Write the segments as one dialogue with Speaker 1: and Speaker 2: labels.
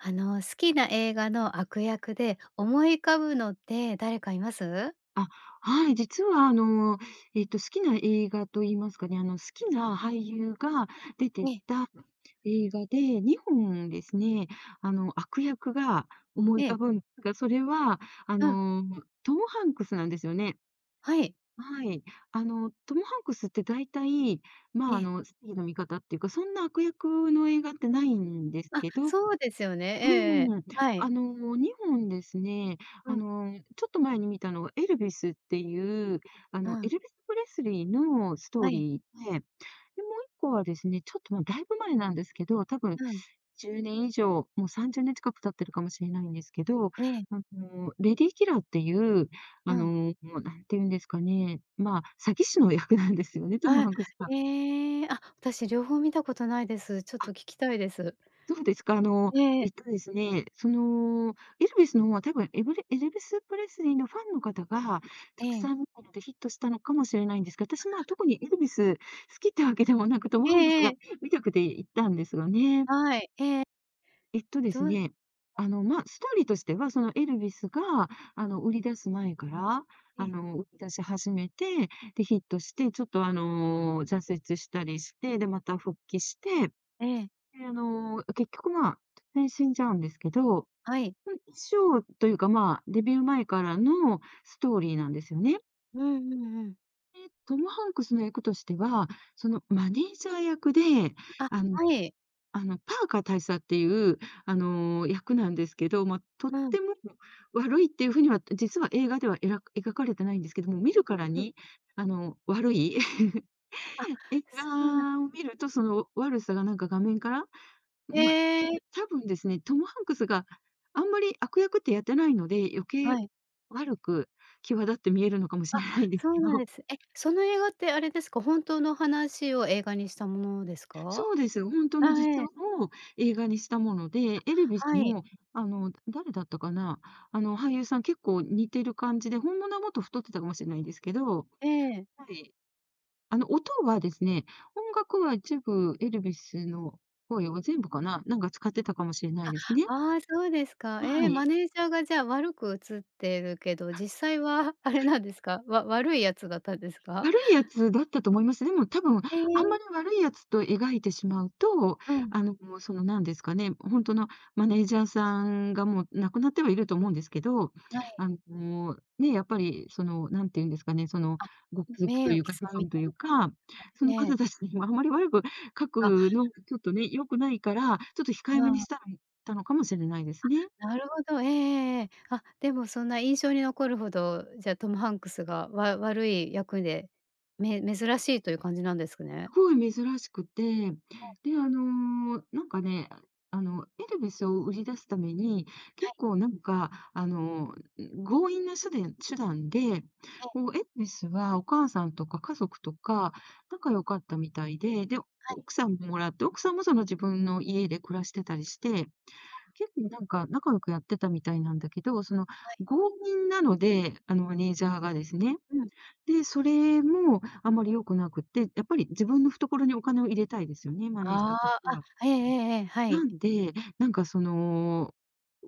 Speaker 1: あの、好きな映画の悪役で思い浮かぶのって誰かいます？
Speaker 2: あ、はい、実はあの、えっと、好きな映画と言いますかね、あの、好きな俳優が出
Speaker 1: え
Speaker 2: て
Speaker 1: え。
Speaker 2: た映画で、2本ですね、あの、悪役が思い浮
Speaker 1: え
Speaker 2: か
Speaker 1: え。
Speaker 2: ぶん、すが、それはあ
Speaker 1: うん。
Speaker 2: の、トム・ハンクスなんですよね。
Speaker 1: はい。
Speaker 2: はい。あの、トム・ハンクスって大体、ま
Speaker 1: え
Speaker 2: あ、あ
Speaker 1: え。
Speaker 2: の正義の味方っていうか、そんな悪役の映画ってないんです
Speaker 1: あ、
Speaker 2: けど
Speaker 1: そうですよね。ええ、ええ、
Speaker 2: うん。
Speaker 1: は
Speaker 2: あ
Speaker 1: い。
Speaker 2: の、2本ですね、
Speaker 1: う
Speaker 2: あ
Speaker 1: ん。
Speaker 2: の、ちょっと前に見たのがエルビスっていう、あ
Speaker 1: う
Speaker 2: の、エ
Speaker 1: ん。
Speaker 2: ルヴィス・プレスリーのストー
Speaker 1: はい。
Speaker 2: リーで、で、もう1個はですね、ちょっと、ま、だいぶ前なんですけど、多分
Speaker 1: うん。
Speaker 2: 10年以上、もう30年近く経ってるかもしれないんですけど、
Speaker 1: ええ。
Speaker 2: あの、レディキラーっていう、あ
Speaker 1: うん。
Speaker 2: の、何て言うんですかね、まあ、詐欺師の役なんですよね、ト
Speaker 1: あ
Speaker 2: ム・
Speaker 1: あ、
Speaker 2: ハンクスさん。
Speaker 1: ええ、あ、私両方見たことないです。ちょっ
Speaker 2: あ。
Speaker 1: と聞きたいです。
Speaker 2: そうですか、あの、
Speaker 1: ええ。
Speaker 2: えっとですね、その、エルビスの方は多分、エブレ、エルヴィス・プレスリーのファンの方が
Speaker 1: え
Speaker 2: たく
Speaker 1: え。
Speaker 2: さん見たのでヒットしたのかもしれないんですが、私、まあ、特にエルビス好きってわけでもなく、トム・
Speaker 1: え
Speaker 2: ハンクス
Speaker 1: ええ
Speaker 2: が
Speaker 1: え。
Speaker 2: 見たくて行ったんですよね。
Speaker 1: はい、ええ。
Speaker 2: えっとで
Speaker 1: ど
Speaker 2: す
Speaker 1: う
Speaker 2: ね、あの、ま、ストーリーとしてはそのエルビスが、あの、売り出す前から、
Speaker 1: え
Speaker 2: あ
Speaker 1: え。
Speaker 2: の、売り出し始めて、で、ヒットして、ちょっとあの、挫折したりして、で、また復帰して、
Speaker 1: ええ。
Speaker 2: で、あの、結局まあ、突然死んじゃうんですけど、
Speaker 1: はい。
Speaker 2: ふん、衣装というか、まあ、デビュー前からのストーリーなんですよね。
Speaker 1: うんうんうん。
Speaker 2: え、トム・ハンクスの役としては、その、マネージャー役で
Speaker 1: あ、
Speaker 2: あの、
Speaker 1: はい。
Speaker 2: あの、パーカー大佐っていうあの、役なんですけど、ま、とっ
Speaker 1: うん。
Speaker 2: ても悪いっていう風にはと実は映画ではえらく描かれてないんですけども。見るから
Speaker 1: ええ。
Speaker 2: にあの、悪い
Speaker 1: あ。
Speaker 2: 映
Speaker 1: そうなん
Speaker 2: 画を見るとその悪さがなんか画面から、
Speaker 1: へ
Speaker 2: ま、
Speaker 1: え。
Speaker 2: 多分ですね、トム・ハンクスがあんまり悪役ってやってないので、余計
Speaker 1: はい。
Speaker 2: 悪く、際立って見えるのかもし
Speaker 1: あ、
Speaker 2: れないんです
Speaker 1: そう
Speaker 2: け
Speaker 1: なん
Speaker 2: ど。
Speaker 1: です。え、その映画ってあれですか？本当の話を映画にしたものですか？
Speaker 2: そうです。ほんとの
Speaker 1: あ、え
Speaker 2: 実
Speaker 1: え。
Speaker 2: 話を映画にしたもので、エルヴィ
Speaker 1: あ、
Speaker 2: ス
Speaker 1: はい。
Speaker 2: もあの誰だったかな、あの俳優さん結構似てる感じで、本物はもっと太ってたかもしんないですけど
Speaker 1: ええ。
Speaker 2: はい。あの、音はですね音楽は一部エルヴィスの声は全部かな、なんか使ってたかもしれない
Speaker 1: あ、
Speaker 2: ですね。
Speaker 1: ああ、そうですか。え
Speaker 2: は
Speaker 1: え、マ
Speaker 2: い。
Speaker 1: ネージャーがじゃあ悪く映ってるけど、実際はあれなんですか？わ悪い奴だったんですか？
Speaker 2: 悪い奴だったと思います。でも多分あ
Speaker 1: へ
Speaker 2: んま
Speaker 1: え。
Speaker 2: り悪い奴と描いてしまうと、
Speaker 1: うん。
Speaker 2: あの、そのなんですかね、本当のマネージャーさんがもう亡くなってはいると思うんですけど、
Speaker 1: あ、はい。
Speaker 2: あの、ね、やっぱりその何て言うんですかね、その
Speaker 1: あ。
Speaker 2: ご家族
Speaker 1: 名
Speaker 2: と
Speaker 1: 誉
Speaker 2: い
Speaker 1: 毀
Speaker 2: うか子
Speaker 1: 損み
Speaker 2: 孫
Speaker 1: た
Speaker 2: とい
Speaker 1: い
Speaker 2: う
Speaker 1: な感じで
Speaker 2: か、
Speaker 1: すか？
Speaker 2: その
Speaker 1: え
Speaker 2: 方
Speaker 1: え。
Speaker 2: たちにもあまり悪く書く
Speaker 1: あ。
Speaker 2: のがちょっとね、良くないから、ちょっと控
Speaker 1: う
Speaker 2: えめにし
Speaker 1: わ。
Speaker 2: たらん、たのかもしれないですね。
Speaker 1: あ、なるほど、ええええええ。あ、でもそんな印象に残るほど、じゃトム・ハンクスがわ悪い役で、め珍しいという感じなんですか
Speaker 2: す
Speaker 1: ね？
Speaker 2: ごい珍しくて、で、あのなんかね、あのエルヴィスを売り出すために、
Speaker 1: は
Speaker 2: 結
Speaker 1: い。
Speaker 2: 構なんかあの、んん、強引なしゅでん手段で、
Speaker 1: ええ。
Speaker 2: こうエルヴィスはお母さんとか家族とか仲良かったみたいで、で、
Speaker 1: はい。
Speaker 2: 奥さんもらって、奥さんもその自分の家で暮らしてたりして、
Speaker 1: あ。
Speaker 2: 結構なんか仲良くやってたみたいなんだけど、その
Speaker 1: はい。
Speaker 2: 強引なので、あのマネージャーがですね。
Speaker 1: うん。
Speaker 2: で、それもあまり良くなくって、やっぱり自分の懐にお金を入れたいですよね、マネージャ
Speaker 1: あ
Speaker 2: ーとし
Speaker 1: あ、
Speaker 2: て
Speaker 1: あ、
Speaker 2: は。
Speaker 1: ええええええ、はい。
Speaker 2: なんで、なんかその、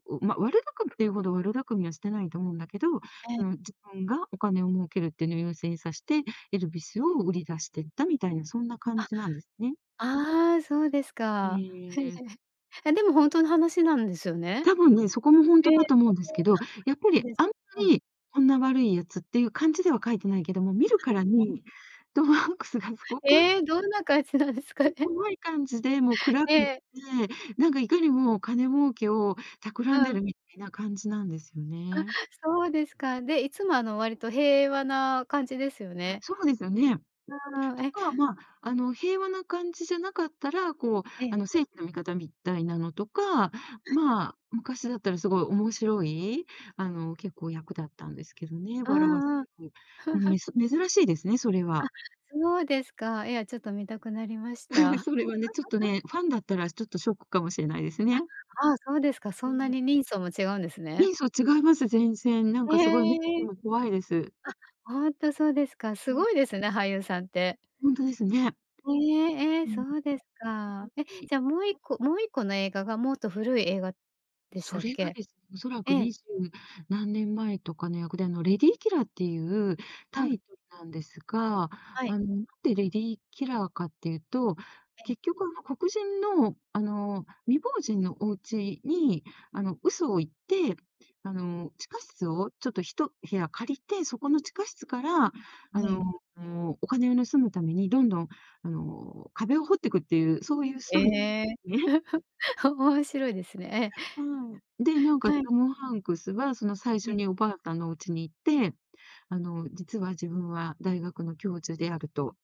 Speaker 2: うう、ま、悪巧みいうほど悪巧みはしてないと思うんだけど、
Speaker 1: ええ。
Speaker 2: その、自分がお金を儲けるっていうのを優先さして、エルヴィスを売り出してったみたいな、そんな感
Speaker 1: あ。
Speaker 2: じなんですね。
Speaker 1: ああ、そうですか。
Speaker 2: ええ。
Speaker 1: え、でも本当の話なんですよね？
Speaker 2: 多分ね、そこもほん
Speaker 1: え。
Speaker 2: とだと思うんですけど、やっぱ
Speaker 1: そう
Speaker 2: り
Speaker 1: です
Speaker 2: あんま
Speaker 1: うん。
Speaker 2: りこんな悪いやつっていう感じでは書いてないけども、見るから
Speaker 1: ええ。
Speaker 2: にトム・ハンクスがすごく
Speaker 1: え、どんな感じなんですかね？
Speaker 2: 怖い感じで、もう、暗
Speaker 1: え
Speaker 2: くって、
Speaker 1: え。
Speaker 2: なんかいかにもお金儲けを企
Speaker 1: う
Speaker 2: んで
Speaker 1: ん。
Speaker 2: るみたいな感じなんですよ
Speaker 1: あ、
Speaker 2: ね。
Speaker 1: そうですか。で、いつもあの割と平和な感じですよね。
Speaker 2: そうですよね。
Speaker 1: うーん、
Speaker 2: と
Speaker 1: え。
Speaker 2: か、まあ、あの平和な感じじゃなかったら、こう、
Speaker 1: ええ。
Speaker 2: あの、正義の味方みたいなのとか、
Speaker 1: はい。
Speaker 2: まあ、昔だったらすごい面白い、あの、結構、役だったんですけどね、
Speaker 1: う
Speaker 2: 笑わ
Speaker 1: んうん。
Speaker 2: うん、め ず珍しいですね、それ
Speaker 1: あ、
Speaker 2: は。
Speaker 1: そうですか。いや、ちょっと観たくなりまし た。
Speaker 2: それはね、ちょっと ね、ファンだったら、ちょっとショックかもしれないです
Speaker 1: あ、
Speaker 2: ね。
Speaker 1: ああ、そうですか、そ
Speaker 2: う
Speaker 1: んな
Speaker 2: ーん。
Speaker 1: に人相も違うんですね。
Speaker 2: 人相違います、全然。なん
Speaker 1: へ
Speaker 2: かすごい目つき
Speaker 1: え。
Speaker 2: も怖いです。
Speaker 1: あ、ほんとそうですか。す
Speaker 2: うん。
Speaker 1: ごいですね、俳優さんって。
Speaker 2: ほんとですね。
Speaker 1: ええええ、
Speaker 2: う
Speaker 1: そ
Speaker 2: ん。
Speaker 1: うです
Speaker 2: も
Speaker 1: か。え、
Speaker 2: し
Speaker 1: じゃあもう1個もう1個の映画がもっと古い映画でし
Speaker 2: そ
Speaker 1: たっ
Speaker 2: れが
Speaker 1: け？
Speaker 2: ですね、おそらく
Speaker 1: ええ。
Speaker 2: 20何年前とかの役で、あのレディ・キラーっていう
Speaker 1: あ、う
Speaker 2: タ
Speaker 1: ん。
Speaker 2: イトルなんですが。
Speaker 1: はい。
Speaker 2: あの、なんでレディ・キラーかっていうと、
Speaker 1: ええ。
Speaker 2: 結局あの、黒人のあの、未亡人のお家にあの、嘘を言って、あの、地下室をちょっと1部屋借りて、そこの地下室からあ
Speaker 1: ねえ。
Speaker 2: の、お金を盗むために、どんどんあの、壁を掘っていくっていう、そういうストーリ
Speaker 1: え。
Speaker 2: ー、ね。
Speaker 1: 面白いですね。
Speaker 2: うん。で、なん
Speaker 1: え。
Speaker 2: か
Speaker 1: はい。
Speaker 2: トム・ハンクスはその最初
Speaker 1: ええ。
Speaker 2: におばあさんのお家に行って「あの、実は自分は大学の教授である」と。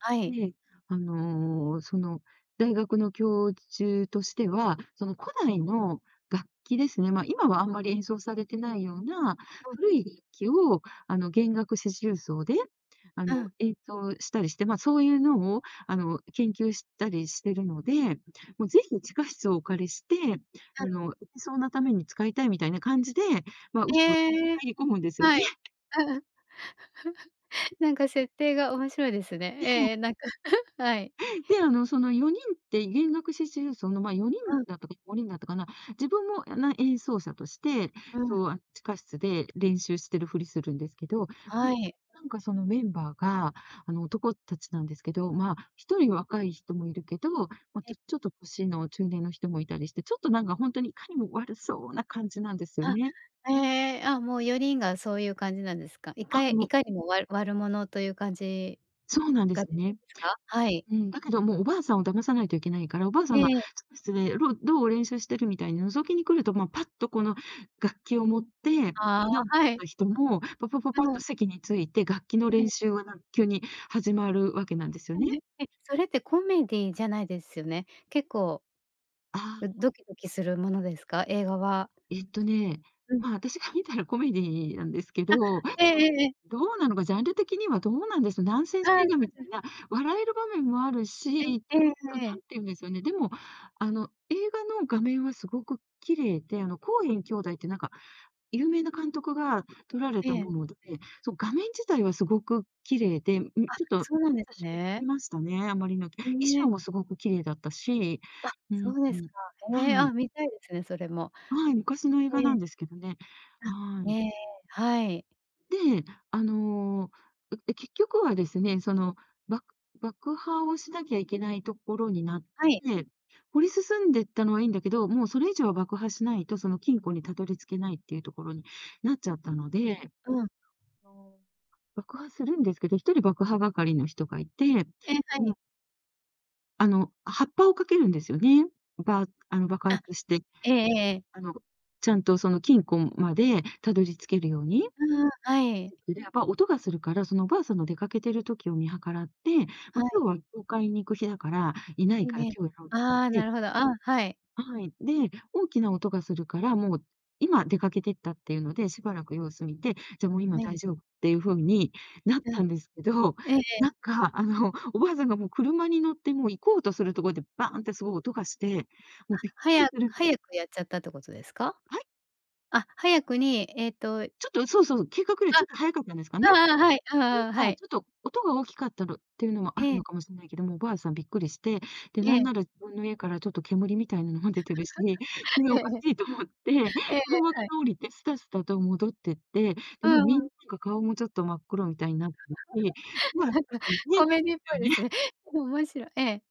Speaker 1: はい。
Speaker 2: で、あの、その、大学の教授としては、その、古代の楽器ですね。ま、今はあんまり演奏されてないような、
Speaker 1: うん。
Speaker 2: 古い楽器をあの弦楽四重奏であの、
Speaker 1: うん。
Speaker 2: 演奏したりして、ま、そういうのをあの、研究したりしてるので、もう是非地下室をお借りして、
Speaker 1: う
Speaker 2: あ
Speaker 1: ん。
Speaker 2: の、演奏なために使いたいみたいな感じで、まあ、嘘
Speaker 1: え
Speaker 2: 言っ
Speaker 1: え。
Speaker 2: 入り込むんですよ
Speaker 1: は
Speaker 2: ね。
Speaker 1: い。ううん。
Speaker 2: う。
Speaker 1: なんか設定が面白いですね。
Speaker 2: ね
Speaker 1: え
Speaker 2: え。
Speaker 1: え、なんか はい。
Speaker 2: で、あのその4人って弦楽四重奏の、ま、4人
Speaker 1: うん。
Speaker 2: だったか5人だったかな。自分も、あ、な、演奏者として、
Speaker 1: うん。
Speaker 2: そう、あ、地下室で練習してるふりするんですけど。いっ
Speaker 1: は
Speaker 2: た
Speaker 1: い。
Speaker 2: んなんかそのメンバーが、あの、男たちなんですけど、まあ1人若い人もいるけど、ま、
Speaker 1: え
Speaker 2: と、
Speaker 1: え。
Speaker 2: ちょっと歳の中年の人もいたりして、ちょっとなんかほんとにいかにも悪そうな感じなんですよ
Speaker 1: あ、
Speaker 2: ね。
Speaker 1: ええ。あ、もう4人がそういう感じなんですか？い
Speaker 2: あ
Speaker 1: か
Speaker 2: れ
Speaker 1: い
Speaker 2: も。
Speaker 1: かにもわ悪者という感じ、
Speaker 2: そうなんで
Speaker 1: が出
Speaker 2: す
Speaker 1: て
Speaker 2: ね。
Speaker 1: るんですか？はい。
Speaker 2: うん。だけどもう、おばあさんを騙さないといけないから、おばあさ
Speaker 1: え
Speaker 2: んが
Speaker 1: え。
Speaker 2: 「ちょっと失礼、ろう、どう、練習してる」みたいに覗きに来ると、ま、パッとこの楽器を持って、
Speaker 1: あ
Speaker 2: [unintelligible] で
Speaker 1: あ、はい。
Speaker 2: た人も、「パパパ
Speaker 1: う
Speaker 2: パッ」と
Speaker 1: ん。
Speaker 2: 席について、楽器の
Speaker 1: え
Speaker 2: 練
Speaker 1: え。
Speaker 2: 習はなん急に始まる訳なんですよ
Speaker 1: 単
Speaker 2: ね。
Speaker 1: 純にそれってコメディーじゃないですよね？結構、
Speaker 2: あ。
Speaker 1: うドキドキするものですか？映画は。
Speaker 2: えっとね。
Speaker 1: うん。
Speaker 2: まあ、私が観たらコメディーなんですけ
Speaker 1: あ。
Speaker 2: ど
Speaker 1: ええええ、え。
Speaker 2: どうなのか、ジャンル的にはどうなんです、ナンセン
Speaker 1: ああ、
Speaker 2: ス
Speaker 1: は
Speaker 2: 映
Speaker 1: い
Speaker 2: 画みた
Speaker 1: はい。
Speaker 2: いな、笑える場面もあるし、
Speaker 1: え、
Speaker 2: ち
Speaker 1: え
Speaker 2: ょっ
Speaker 1: ええ
Speaker 2: と
Speaker 1: ええ
Speaker 2: な
Speaker 1: え。
Speaker 2: んて言うんですよね。でも、あの、映画の画面はすごく綺麗で、あの、コーエン兄弟って、なんか有名な監督が撮られ
Speaker 1: え
Speaker 2: た
Speaker 1: え。
Speaker 2: もので、そう、画面自体はすごく綺麗で、ん、
Speaker 1: あ、
Speaker 2: ちょっと
Speaker 1: そうなんです
Speaker 2: [unintelligible]
Speaker 1: ね。
Speaker 2: ましたね、あまりの
Speaker 1: う
Speaker 2: 衣
Speaker 1: ん、
Speaker 2: 装
Speaker 1: え。
Speaker 2: もすごく綺麗だったし。
Speaker 1: あ、
Speaker 2: うー
Speaker 1: そ
Speaker 2: ん。
Speaker 1: うですか。へえ。
Speaker 2: は
Speaker 1: あ、
Speaker 2: い。
Speaker 1: 観たいですね、それも。
Speaker 2: はい、昔の映画
Speaker 1: え
Speaker 2: な
Speaker 1: え。
Speaker 2: んですけどね。は
Speaker 1: あ。
Speaker 2: ーい。
Speaker 1: へえ、はい。
Speaker 2: で、あの、う、で、結局はですね。その爆爆破をしなきゃいけないところになっ
Speaker 1: はい。
Speaker 2: て、掘り進んでったのはいいんだけど、もう、それ以上は爆破しないと、その金庫にたどり着けないっていうところになっちゃったので、
Speaker 1: うん。
Speaker 2: そお、爆破するんですけど、1人爆破係の人がいて
Speaker 1: え、は
Speaker 2: うん。
Speaker 1: い。
Speaker 2: あの、発破を掛けるんですよね。ばあの、爆
Speaker 1: あ、
Speaker 2: 発して。
Speaker 1: ええええ。
Speaker 2: あの、ちゃんと、その金庫んまでたどり着けるように、
Speaker 1: うんうん、はい。
Speaker 2: やっぱ音がするから、そのお婆さんの出かけてる時を見計らって、
Speaker 1: は
Speaker 2: ま、
Speaker 1: い。
Speaker 2: 今日は教会に行く日だから、いない
Speaker 1: え
Speaker 2: から
Speaker 1: え、
Speaker 2: 今日やろうって
Speaker 1: あ
Speaker 2: 事
Speaker 1: あ、
Speaker 2: で
Speaker 1: なるほど。あ、はい。
Speaker 2: はい。で、大きな音がするから、もう今出かけてったっていうので、しばらく様子見て、じゃあ、もう今
Speaker 1: は
Speaker 2: 大
Speaker 1: い。
Speaker 2: 丈夫っていう風になっ
Speaker 1: う
Speaker 2: た
Speaker 1: ん。
Speaker 2: んですけど、
Speaker 1: ええええ。
Speaker 2: なんか、あの、お婆さんが、もう車に乗って、もう行こうとするところでバーンってすごい音がして、
Speaker 1: あ、
Speaker 2: もうびっくり
Speaker 1: 早
Speaker 2: する。
Speaker 1: 早くやっちゃったって事ですか？
Speaker 2: はい？
Speaker 1: あ、早くに、えっと。
Speaker 2: ちょっと、そうそうそう、計画より、
Speaker 1: あ、
Speaker 2: ち
Speaker 1: あ
Speaker 2: ょっと早かったんですかね。
Speaker 1: あああ、はい、あ
Speaker 2: てい
Speaker 1: あ
Speaker 2: う
Speaker 1: ああ、
Speaker 2: か、
Speaker 1: はい。
Speaker 2: ちょっと音が大きかったの、って言うのもある
Speaker 1: え
Speaker 2: の
Speaker 1: え。
Speaker 2: かもしんないけども、お婆さんびっくりして、で、
Speaker 1: え
Speaker 2: なん
Speaker 1: え。
Speaker 2: なら自分の家からちょっと煙みたいなのも出てるし、これ
Speaker 1: え
Speaker 2: おか
Speaker 1: え。
Speaker 2: しいと思って、
Speaker 1: えええ
Speaker 2: 車
Speaker 1: え、
Speaker 2: か
Speaker 1: はい。
Speaker 2: ら降りてスタスタと戻ってって、
Speaker 1: う
Speaker 2: でも、み
Speaker 1: んう
Speaker 2: ん
Speaker 1: ん。
Speaker 2: なが顔もちょっと真っ黒みたいになってるし、
Speaker 1: な
Speaker 2: [unintelligible] で
Speaker 1: んかコメディアンっぽ
Speaker 2: すよ
Speaker 1: い
Speaker 2: ね。
Speaker 1: ですね。でも面白い。ええ。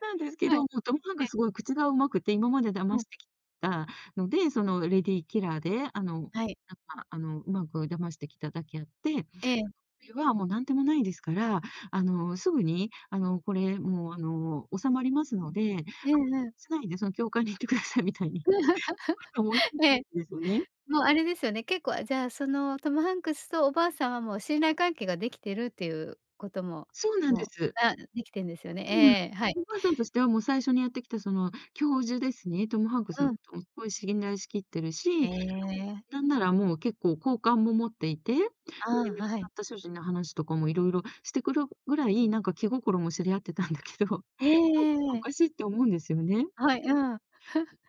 Speaker 2: なんですけ
Speaker 1: は
Speaker 2: ど、
Speaker 1: い、
Speaker 2: もうトムハン
Speaker 1: え
Speaker 2: ク
Speaker 1: え。
Speaker 2: スが凄い口が上手くて、今まで騙
Speaker 1: うん。
Speaker 2: してきたので、そのレディーキラーで、あの、なん
Speaker 1: はい。
Speaker 2: か、あの、うまく騙してきただけあって、こ
Speaker 1: ええ。
Speaker 2: れはもう何でもないですから、あのすぐに、あの、これもう、あの収まりますので、あんまり気に
Speaker 1: うんうん。
Speaker 2: しないで、その教会に行って下さいみたいに。
Speaker 1: ええ、
Speaker 2: ですよね。
Speaker 1: もうあれですよね。結構、あ、じゃあ、そのトムハンクスとお婆さんは、もう信頼関係が出来てるって言う事も、
Speaker 2: そうなんで
Speaker 1: もう、
Speaker 2: す。
Speaker 1: な出来てるんですよね。ええ、はい。
Speaker 2: うーん、お婆さんとしては、もう最初にやってきたその教授ですね。トムハンクス
Speaker 1: う
Speaker 2: の
Speaker 1: ん。
Speaker 2: 事も凄い信頼し切ってるし、
Speaker 1: ええ。
Speaker 2: なんなら、もう結構好感も持っていて、で、亡
Speaker 1: ああ、
Speaker 2: く
Speaker 1: は
Speaker 2: な
Speaker 1: い。
Speaker 2: った主人の話とかも色々して来るぐらい、なんか気心も知り合ってたんだけど、なんか
Speaker 1: えええ
Speaker 2: お
Speaker 1: え。
Speaker 2: かしいって思うんですよね。
Speaker 1: はい、うん。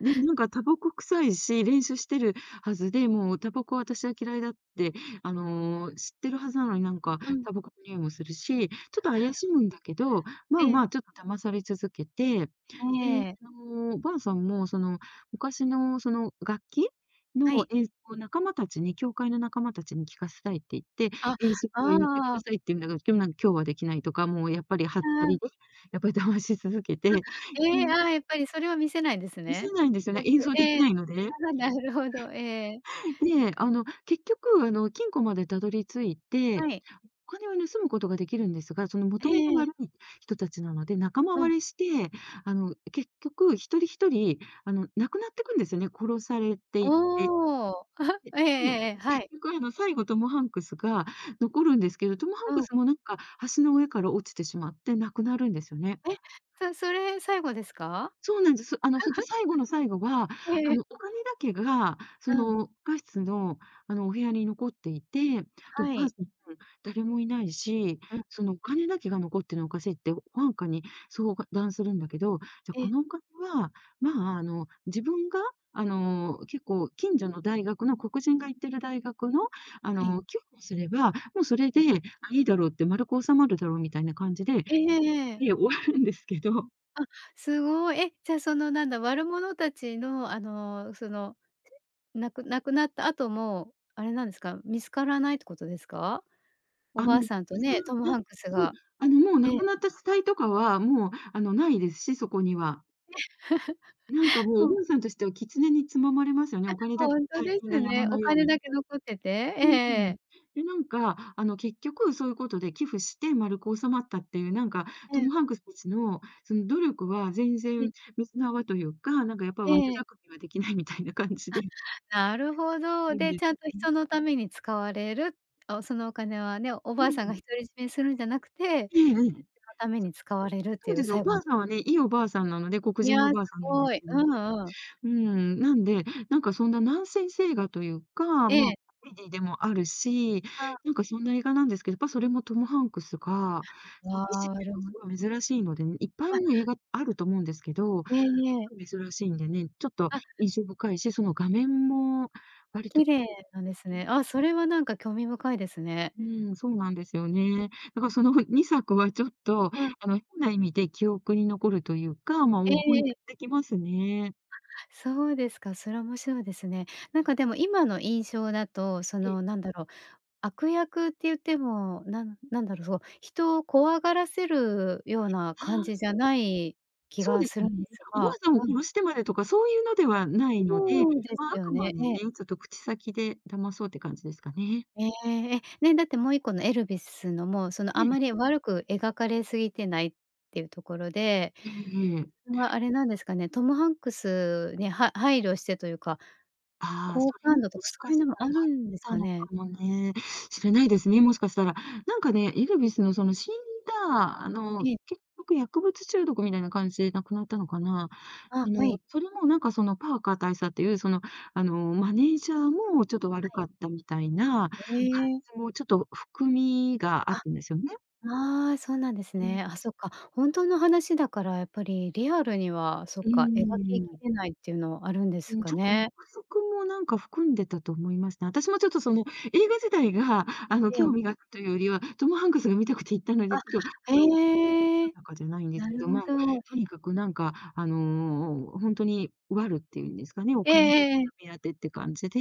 Speaker 2: ね、なんかタバコ臭いし、練習してるはずで、もうタバコは私は嫌いだって、あの知ってるはずなのに、なんか
Speaker 1: うん。
Speaker 2: タバコの匂いもするし、ちょっと
Speaker 1: う
Speaker 2: 怪
Speaker 1: ん。
Speaker 2: しむんだけど、まあ
Speaker 1: ええ。
Speaker 2: まあ、ちょっと騙され続けて、で、
Speaker 1: ええ。
Speaker 2: あのお婆さんも、その昔のその楽器？の
Speaker 1: はい。
Speaker 2: 演奏を仲間たちに教会の仲間たちに聞かせたいって言って、
Speaker 1: あ、
Speaker 2: 演奏
Speaker 1: あ
Speaker 2: 会に行って
Speaker 1: ああ。
Speaker 2: 下さいって言うんだけど、今日なん、今日は出来ないとか、もうやっぱりはっ
Speaker 1: う
Speaker 2: た
Speaker 1: んうん。
Speaker 2: りで、やっぱり騙し続けて
Speaker 1: あ、
Speaker 2: う
Speaker 1: ええ。
Speaker 2: ん。
Speaker 1: ああやっぱり、それは見せないんです
Speaker 2: 見せ
Speaker 1: ね。
Speaker 2: ないんですよね。
Speaker 1: やっぱ
Speaker 2: 演奏出来
Speaker 1: ええ。
Speaker 2: ないので。
Speaker 1: なるほどなるほど。ええ。
Speaker 2: で、あの、結局、あの、金庫までたどり着い
Speaker 1: は
Speaker 2: て、
Speaker 1: い。
Speaker 2: お金を盗むことが出来るんですが、その
Speaker 1: え
Speaker 2: 元々
Speaker 1: え。
Speaker 2: 悪い人達なので、仲間
Speaker 1: うん。
Speaker 2: 割れして、あの、結局一人一人、あの、亡くなっていくんですよね、殺されていって。
Speaker 1: おお、えええ
Speaker 2: でで、結
Speaker 1: えええ、はい。
Speaker 2: 局あえば、最後トムハンクスが残るんですけど、トムハン
Speaker 1: う
Speaker 2: ク
Speaker 1: ん。
Speaker 2: スもなんか橋の上から落ちてしまって亡くなるんですよね。
Speaker 1: え？そそれ最後ですか？
Speaker 2: そうなんです。あのそれで 最後の最後は、
Speaker 1: え
Speaker 2: あ
Speaker 1: え。
Speaker 2: のお金だけが、そ
Speaker 1: うん。
Speaker 2: の地下室の、あの、お部屋に残っていて、で、お
Speaker 1: は
Speaker 2: 婆
Speaker 1: い。
Speaker 2: さん、誰もいないし、
Speaker 1: うん。
Speaker 2: そのお金だけが残ってるのは、おかしいって保安官に相談するんだけど、じゃあ、
Speaker 1: え
Speaker 2: こ
Speaker 1: え。
Speaker 2: のお金は、まあ、あの、自分が、あの、結構近所の大学の黒人が行ってる大学の、あ
Speaker 1: はい。
Speaker 2: の、寄付をすれば、もうそれ
Speaker 1: え
Speaker 2: で、
Speaker 1: え。
Speaker 2: あ、いいだろうって、丸く収まるだろうみたいな感じで、
Speaker 1: ええ。
Speaker 2: で、終わるんですけど。
Speaker 1: あ、すごい。え、じゃ、そのなんだ、悪者たちの、あの、その、なく亡くなった後もあれなんですか、見つからないってことですか？お
Speaker 2: あ
Speaker 1: ば
Speaker 2: の、
Speaker 1: あさんと
Speaker 2: そ
Speaker 1: ね、
Speaker 2: う、
Speaker 1: トム・
Speaker 2: な、
Speaker 1: ハンクス
Speaker 2: そう、
Speaker 1: が
Speaker 2: あのもう亡
Speaker 1: ね。
Speaker 2: くなった死体とかは、もうあのないですし、そこには。なんか、も
Speaker 1: う
Speaker 2: うお
Speaker 1: ん。
Speaker 2: ばあさんとしては、キツネにつままれますよね、
Speaker 1: え、
Speaker 2: お金だ
Speaker 1: ほ
Speaker 2: け
Speaker 1: んと
Speaker 2: 大
Speaker 1: で
Speaker 2: 金が
Speaker 1: す
Speaker 2: 山
Speaker 1: ね。お
Speaker 2: のよう
Speaker 1: 金
Speaker 2: に。
Speaker 1: だけ残ってて。え
Speaker 2: うん。
Speaker 1: え。
Speaker 2: で、なんか、あの結局、そういうことで寄付して丸く収まったっていうなんか、
Speaker 1: え
Speaker 2: ト
Speaker 1: え。
Speaker 2: ム・ハンクスたちのその努力は全
Speaker 1: い。
Speaker 2: 然水の泡というか、なんかやっぱ
Speaker 1: え
Speaker 2: 悪
Speaker 1: え。
Speaker 2: 巧みはできないみたいな感じ
Speaker 1: あ、
Speaker 2: でい
Speaker 1: なるほど。
Speaker 2: くん
Speaker 1: で、
Speaker 2: で
Speaker 1: ちゃんと
Speaker 2: すね。
Speaker 1: 人のために使われる。あ、そのお金はね、お
Speaker 2: う
Speaker 1: ばあさんが独
Speaker 2: ん。
Speaker 1: り占めするんじゃなくて、
Speaker 2: え
Speaker 1: 人
Speaker 2: え、うん。
Speaker 1: のために使われるって
Speaker 2: そう
Speaker 1: い
Speaker 2: で
Speaker 1: う
Speaker 2: すよ、お
Speaker 1: 最後
Speaker 2: ば
Speaker 1: なん
Speaker 2: あさんはね、いいおばあさんなので、黒
Speaker 1: い
Speaker 2: 人
Speaker 1: や、
Speaker 2: のお
Speaker 1: す
Speaker 2: ばあさんなんで
Speaker 1: ご
Speaker 2: す
Speaker 1: い。
Speaker 2: けど
Speaker 1: う
Speaker 2: ね。
Speaker 1: んうん。
Speaker 2: うん、なんで、なんかそんなナンセンス映画というか、ま
Speaker 1: え
Speaker 2: あ、
Speaker 1: え。
Speaker 2: コメディでもあるし、
Speaker 1: あ。
Speaker 2: なんかそんな映画なんですけど、やっぱそれもトム・ハンクスが
Speaker 1: う
Speaker 2: 詐欺師っ
Speaker 1: わ、
Speaker 2: ていう
Speaker 1: で
Speaker 2: の
Speaker 1: も。
Speaker 2: はすごい珍しいのでね。いっぱい
Speaker 1: あ。
Speaker 2: ね、映画ってあると思うんですけど、す
Speaker 1: いえいえ。
Speaker 2: ごい珍しいんでね、ちょっと
Speaker 1: あ。
Speaker 2: 印象深いし、その画面も割と
Speaker 1: 綺麗なんです
Speaker 2: [unintelligible]
Speaker 1: ね。あ、それはなんか、興味深いですね。
Speaker 2: うん、そうなんですよね。だからその2作はちょっと、
Speaker 1: うん。
Speaker 2: あの変な意味で記憶に残るというか、ま、
Speaker 1: え
Speaker 2: 思いい
Speaker 1: えええ。
Speaker 2: ただきますね。
Speaker 1: あ、そうですか。それは面白いですね。なんかでも今の印象だと、そ
Speaker 2: で。
Speaker 1: のなんだろう、悪役って言ってもなんなんだろう、人を怖がらせるような
Speaker 2: は
Speaker 1: 感じじゃ
Speaker 2: あ。
Speaker 1: ない気
Speaker 2: そう
Speaker 1: が
Speaker 2: で
Speaker 1: す
Speaker 2: す
Speaker 1: る
Speaker 2: ね。
Speaker 1: んです
Speaker 2: おば
Speaker 1: が、
Speaker 2: あさんを
Speaker 1: うん。
Speaker 2: 殺してまでとか、そういうので
Speaker 1: あ、
Speaker 2: はないので。
Speaker 1: そうで
Speaker 2: まあ、
Speaker 1: す
Speaker 2: あ
Speaker 1: よ
Speaker 2: くま
Speaker 1: ね。
Speaker 2: でね、
Speaker 1: ええ。
Speaker 2: ちょっと口先で騙そうって感じですかね。
Speaker 1: ええ、ね。だってもう1個のエルビスのも、そのあ
Speaker 2: え
Speaker 1: ん
Speaker 2: え。
Speaker 1: まり悪く描かれすぎてないっていうところで、
Speaker 2: ええええ。
Speaker 1: それはあれなんですかね、トム・ハンクスに、は配慮してというか、
Speaker 2: ああ、そ
Speaker 1: 好
Speaker 2: れ
Speaker 1: 感
Speaker 2: も、
Speaker 1: 度と
Speaker 2: も
Speaker 1: か、
Speaker 2: し
Speaker 1: そう
Speaker 2: か
Speaker 1: いう
Speaker 2: し
Speaker 1: のもあるんです
Speaker 2: たらあった
Speaker 1: か
Speaker 2: のか
Speaker 1: ね？
Speaker 2: もね、しれないですね、もしかしたら。なんかね、エルビスのその死んだあの
Speaker 1: ええ。
Speaker 2: 結局、薬物中毒みたいな感じで亡くなったのかな。
Speaker 1: あ
Speaker 2: あ
Speaker 1: あ、は
Speaker 2: の、
Speaker 1: い。
Speaker 2: それもなんか、そのパーカー大佐っていうその、あのマネージャーもちょっと悪
Speaker 1: はい。
Speaker 2: かったみたいな感
Speaker 1: へえ。
Speaker 2: じも、ちょっと含みがあ
Speaker 1: あ、
Speaker 2: ったんですよね。
Speaker 1: ああ、そうなんです
Speaker 2: うん。
Speaker 1: ね。あ、そっか。ほんとの話だから、やっぱりリアルには、そっ
Speaker 2: うー
Speaker 1: か、描きき
Speaker 2: ん。
Speaker 1: れないっていうのはあるんで
Speaker 2: う
Speaker 1: す
Speaker 2: ん、
Speaker 1: か
Speaker 2: ちょっと
Speaker 1: ね。
Speaker 2: 憶測もなんか、含んでたと思いますね。私もちょっとその映画自体が、あの
Speaker 1: ええ。
Speaker 2: 興味が湧くというよりは、トム・ハンクスが見たくて行ったので、
Speaker 1: あ、
Speaker 2: ちょっ [unintelligible]
Speaker 1: へえ。
Speaker 2: 定かじゃないんです
Speaker 1: な
Speaker 2: け
Speaker 1: る
Speaker 2: ど。
Speaker 1: ほ
Speaker 2: まあ、
Speaker 1: ど。
Speaker 2: と
Speaker 1: へ。
Speaker 2: にかくなんか、あの、ほんとにワルっていうんですかね、お
Speaker 1: ええ
Speaker 2: 金だ
Speaker 1: ええええ。
Speaker 2: けが目当てって感じで、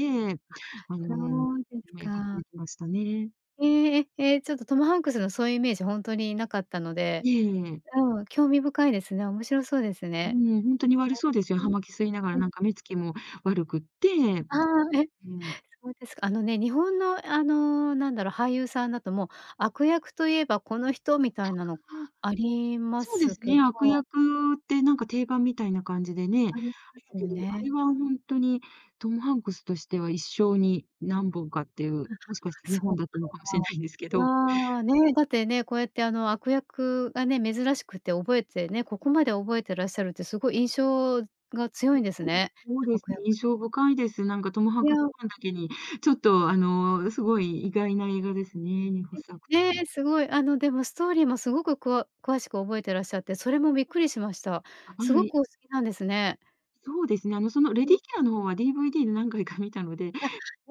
Speaker 2: あ
Speaker 1: あ、
Speaker 2: の、
Speaker 1: そうです
Speaker 2: め描か
Speaker 1: か。
Speaker 2: れてましたね。
Speaker 1: ええええ、え、ちょっと、トム・ハンクスのそういうイメージ、ほんとになかったので
Speaker 2: ええええ。
Speaker 1: うん。興味深いですね。面白そうです
Speaker 2: う
Speaker 1: ね。
Speaker 2: ん、ほんとに悪そうですよ。
Speaker 1: あ、
Speaker 2: 葉巻吸いながら、
Speaker 1: うん、うん。
Speaker 2: なんか目つきも悪くって、
Speaker 1: ああ、え、
Speaker 2: うん。
Speaker 1: そうですか。あのね、日本のあの、なんだろ、俳優さんだともう、悪役といえばこの人、みたいなの
Speaker 2: あ。
Speaker 1: ありま
Speaker 2: そうで
Speaker 1: す
Speaker 2: す
Speaker 1: け
Speaker 2: ね、悪
Speaker 1: ど。
Speaker 2: 役ってなんか定番みたいな感じでね、
Speaker 1: ありま
Speaker 2: そだ
Speaker 1: すよ
Speaker 2: けど、あ
Speaker 1: ね。
Speaker 2: れはほんとにトム・ハンクスとしては一生に何本かっていう
Speaker 1: うん、
Speaker 2: もしかしてに
Speaker 1: そ
Speaker 2: ほ
Speaker 1: っ
Speaker 2: んだったのかもしれないんですけど。
Speaker 1: か。いや、ね、だってね、こうやってあの悪役がね、珍しくて覚えてね、ここまで覚えてらっしゃるってすごい印象が強いんですね、
Speaker 2: そうです
Speaker 1: 悪
Speaker 2: ね、
Speaker 1: 役
Speaker 2: 印
Speaker 1: の。
Speaker 2: 象深いです。なんかトム・ハン
Speaker 1: い
Speaker 2: ク
Speaker 1: や。
Speaker 2: スファンだけに、ちょっと、あの、すごい意外な映画ですね、ほっ
Speaker 1: え、
Speaker 2: さくと。
Speaker 1: ええ、すごい。あのでもストーリーもすごく、くわ詳しく覚えてらっしゃって、それもびっくりしました。
Speaker 2: あ、
Speaker 1: す
Speaker 2: は
Speaker 1: ご
Speaker 2: い。
Speaker 1: くお好きなんですね。
Speaker 2: そうですね。あの、そのレ
Speaker 1: う
Speaker 2: デ
Speaker 1: ん。
Speaker 2: ィーキラーの方は DVD で何回か観たので。
Speaker 1: あ、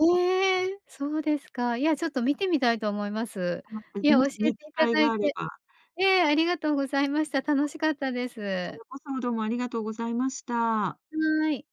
Speaker 2: はい。
Speaker 1: ええ、そうですか。いやち
Speaker 2: ええ。
Speaker 1: ょっと観てみたいと思います。
Speaker 2: あ、また、
Speaker 1: いや、教
Speaker 2: も
Speaker 1: え
Speaker 2: し
Speaker 1: て
Speaker 2: ね、機
Speaker 1: いた
Speaker 2: 会
Speaker 1: だい
Speaker 2: があれ
Speaker 1: て、
Speaker 2: ば。
Speaker 1: ええ、ありがとうございました。楽しかったで
Speaker 2: こち
Speaker 1: す。
Speaker 2: らこそどうもありがとうございました。
Speaker 1: はい。